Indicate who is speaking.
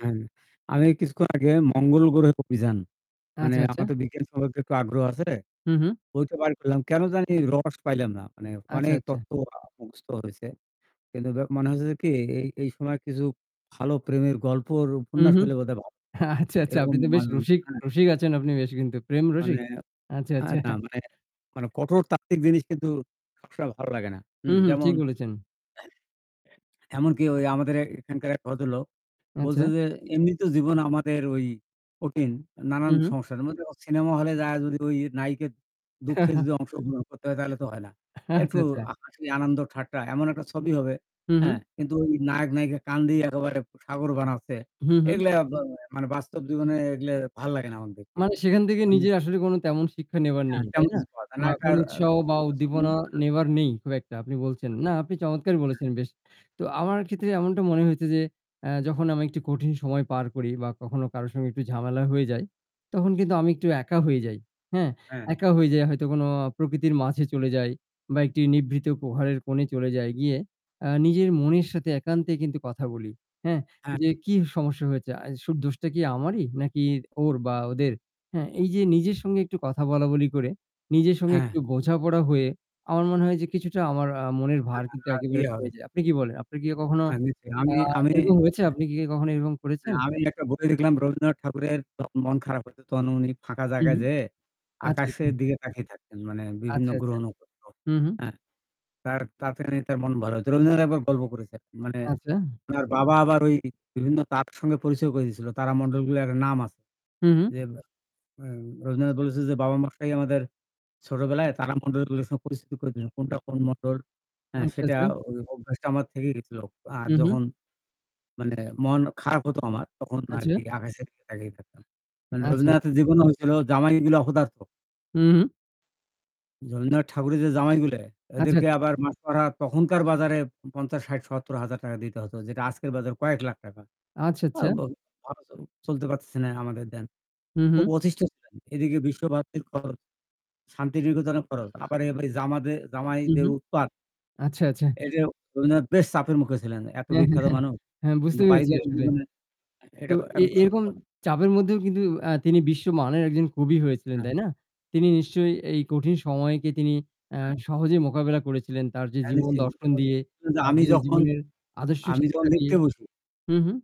Speaker 1: হ্যাঁ, আমি কিছুক্ষণ আগে মঙ্গলগ্রহে অভিযান। মানে
Speaker 2: আচ্ছা, আচ্ছা।
Speaker 1: আমার তো বিজ্ঞান সম্পর্কে একটু আগ্রহ আছে।
Speaker 2: হু, হু।
Speaker 1: বইটা বার করলাম। কেন জানি রস পাইলাম না। মানে অনেক
Speaker 2: আচ্ছা, আচ্ছা।
Speaker 1: তত্ত্ব আ মুখস্থ হইছে। কিন্তু দ মনে হচ্ছে কি এই এই সময় কিছু ভালো প্রেমের গল্পর
Speaker 2: হুম,
Speaker 1: উপন্যাস
Speaker 2: হুম।
Speaker 1: হলে বোধহয় ভালো হত।
Speaker 2: আচ্ছা, আচ্ছা,
Speaker 1: এরকম
Speaker 2: আপনি তো বেশ রসিক
Speaker 1: [unintelligible]
Speaker 2: রসিক আছেন আপনি কিন্তু প্রেম
Speaker 1: মানে
Speaker 2: রসিক?
Speaker 1: আ
Speaker 2: আচ্ছা, আচ্ছা।
Speaker 1: না মানে, মানে, কঠোর তাত্ত্বিক জিনিস কিন্তু সবসময় ভালো লাগে না। হু,
Speaker 2: হু, হু,
Speaker 1: যেমন
Speaker 2: ঠিক বলেছেন।
Speaker 1: এমনকি ওই আমাদের এ্যা এখানকার এক ভদ্রলোক বলছে
Speaker 2: আচ্ছা।
Speaker 1: যে এমনিত জীবন আমাদের ওই কঠিন
Speaker 2: হু,
Speaker 1: নানান
Speaker 2: হু।
Speaker 1: সংসারের মধ্যে অ সিনেমা হলে যাওয়া যদি নাইকার দুঃখে যদি অংশগ্রহণ করতে হয় তাহলে তো হয় না।
Speaker 2: আচ্ছা,
Speaker 1: একটু
Speaker 2: আচ্ছা।
Speaker 1: হাসি আনন্দ ঠাট্টা এমন একটা ছবি হবে।
Speaker 2: হু,
Speaker 1: হ্যাঁ
Speaker 2: হু।
Speaker 1: কিন্তু ওই নায়ক-নায়িকা কেঁদে একেবারে সাগর বানাচ্ছে।
Speaker 2: হু, হু।
Speaker 1: এগুলা বা মানে বাস্তব জীবনে এগুলা ভাল লাগে না আমার দেখতে।
Speaker 2: মানে সেখান থেকে
Speaker 1: মানে
Speaker 2: নিজের আসলে তেমন শিক্ষা নেবার
Speaker 1: হ্যাঁ
Speaker 2: নেই। তাই
Speaker 1: তেমন
Speaker 2: না? বা
Speaker 1: [unintelligible] একটা
Speaker 2: কোনো উৎসাহ বা
Speaker 1: রসিকতা ছবি।
Speaker 2: উদ্দীপনা নেবার নেই খুব একটা আপনি বলছেন। না আপনি চমৎকার
Speaker 1: হ্যা।
Speaker 2: বলেছেন বেশ। তো আমার ক্ষেত্রে এমনটা মনে হয়েছে যে আ যখন আমি একটু কঠিন সময় পার করি বা কখনো কারো সঙ্গে একটু ঝামেলা হয়ে যায়। তখন কিন্তু আমি একটু একা হয়ে যাই। হ্যাঁ
Speaker 1: হ্যাঁ।
Speaker 2: একা হয়ে যাই হয়তো কোনো আ প্রকৃতির মাঝে চলে যাই। বা একটি নিভৃত প্রহারের কোণে চলে যায় গিয়ে আ নিজের মনের সাথে একান্তে কিন্তু কথা বলি। হ্যাঁ, যে
Speaker 1: আচ্ছা।
Speaker 2: কি সমস্যা হয়েছে আ শুধু দোষটা কি আমারই নাকি ওর বা ওদের? হ্যাঁ এই যে নিজের সঙ্গে একটু কথা বলাবলি করে নিজের সঙ্গে
Speaker 1: হ্যাঁ।
Speaker 2: একটু বোঝাপড়া হয়ে আমার মনে হয় যে কিছুটা আমার আ মনের
Speaker 1: হ্যা,
Speaker 2: ভার
Speaker 1: আর
Speaker 2: একেবারে
Speaker 1: ইয়ে হবে।
Speaker 2: কমে যায়। আপনি কি বলেন? আপনি কি ইয়ে কখনো
Speaker 1: হ্যাঁ নিশ্চয়ই
Speaker 2: আ
Speaker 1: আমি আমি
Speaker 2: এরকম হয়েছে? আপনি কি কখনো এরকম করেছেন?
Speaker 1: আমি একটা বই দেখলাম রবীন্দ্রনাথ ঠাকুরের মন খারাপ হয়েছে তখন উনি ফাঁকা
Speaker 2: হু,
Speaker 1: জায়গায়
Speaker 2: হু।
Speaker 1: যেয়ে
Speaker 2: আচ্ছা,
Speaker 1: আকাশের
Speaker 2: আচ্ছা।
Speaker 1: দিকে তাকিয়ে থাকতেন। মানে বিভিন্ন
Speaker 2: আচ্ছা, আচ্ছা।
Speaker 1: গ্রহ-নখত্র।
Speaker 2: হু, হু।
Speaker 1: হ্যাঁ তার তাড়াতাড়ি তার মন ভালো হয়েছে। রবীন্দ্রনাথ একবার গল্প করেছে মানে
Speaker 2: আচ্ছা।
Speaker 1: উনার বাবা আবার ওই বিভিন্ন [unintelligible] সঙ্গে পরিচয় করে দিয়েছিল। তারামন্ডলগুলোর একটা নাম আছে।
Speaker 2: হু, হু।
Speaker 1: যে ব এ্যা রবীন্দ্রনাথ বলেছে যে বাবা-মশাই আমাদের ছোটবেলায় তারামন্ডলগুলোর সাথে পরিচিতি করেছেন। কোনটা কোন মন্ডল হ্যা
Speaker 2: আচ্ছা,
Speaker 1: সেটা
Speaker 2: আচ্ছা।
Speaker 1: ওই অভ্যাসটা আমার থেকেই গেছিল। আর
Speaker 2: হু, হু।
Speaker 1: যখন মানে মন খারাপ হতো আমার। তখন
Speaker 2: আচ্ছা।
Speaker 1: আরকি আকাশের দিকে তাকিয়ে থাকতাম। মানে
Speaker 2: আচ্ছা, আচ্ছা।
Speaker 1: রবীন্দ্রনাথের জীবন হয়েছিল জামাইগুলা অপদার্থ।
Speaker 2: হু, হু।
Speaker 1: রবীন্দ্রনাথ ঠাকুরের যে জামাইগুলা
Speaker 2: আচ্ছা,
Speaker 1: ওদেরকে
Speaker 2: আচ্ছা।
Speaker 1: আবার মাসোহারা তখনকার বাজারে ৳৫০ ৳৬০ ৳৭০০০০ দিতে হতো, যেটা আজকের বাজারে কয়েক লাখ টাকা।
Speaker 2: আচ্ছা,
Speaker 1: আ
Speaker 2: আচ্ছা।
Speaker 1: বা অ চলতে পারতেছে না আমাদের দেন।
Speaker 2: হু,
Speaker 1: খুব
Speaker 2: হু।
Speaker 1: অতিষ্ট [unintelligible] এদিকে বিশ্বভারতীর খরচ শান্তিনিকেতনের খরচ আবার এই জামাতে
Speaker 2: হু,
Speaker 1: জামাইদের
Speaker 2: হু।
Speaker 1: উৎপাত।
Speaker 2: আচ্ছা, আচ্ছা।
Speaker 1: এই যে রবীন্দ্রনাথ বেশ চাপের মুখে ছিলেন এত
Speaker 2: হ্যাঁ, হ্যাঁ,
Speaker 1: বিখ্যাত
Speaker 2: হ্যাঁ।
Speaker 1: মানুষ।
Speaker 2: হ্যাঁ, বুঝতে
Speaker 1: কিন্তু
Speaker 2: পেরেছি
Speaker 1: পারিবারিক
Speaker 2: আসলে।
Speaker 1: জীবনে
Speaker 2: তো
Speaker 1: এটা
Speaker 2: এ
Speaker 1: একদম সত্য
Speaker 2: এরকম
Speaker 1: কথা।
Speaker 2: চাপের মধ্যেও কিন্তু আ তিনি বিশ্বমানের একজন কবি হয়েছিলেন
Speaker 1: হ্যাঁ।
Speaker 2: তাই না? তিনি নিশ্চয়ই এই কঠিন সময়কে তিনি আ
Speaker 1: [unintelligible]
Speaker 2: সহজেই মোকাবিলা করেছিলেন তার যে
Speaker 1: হ্যা
Speaker 2: জীবন দর্শন
Speaker 1: [unintelligible]
Speaker 2: দিয়ে, তার
Speaker 1: আমি
Speaker 2: যে
Speaker 1: যখন
Speaker 2: জীবনের আদর্শ
Speaker 1: আমি যখন
Speaker 2: শিক্ষা দিয়ে।
Speaker 1: লেখতে বসি।
Speaker 2: হুম, হুম।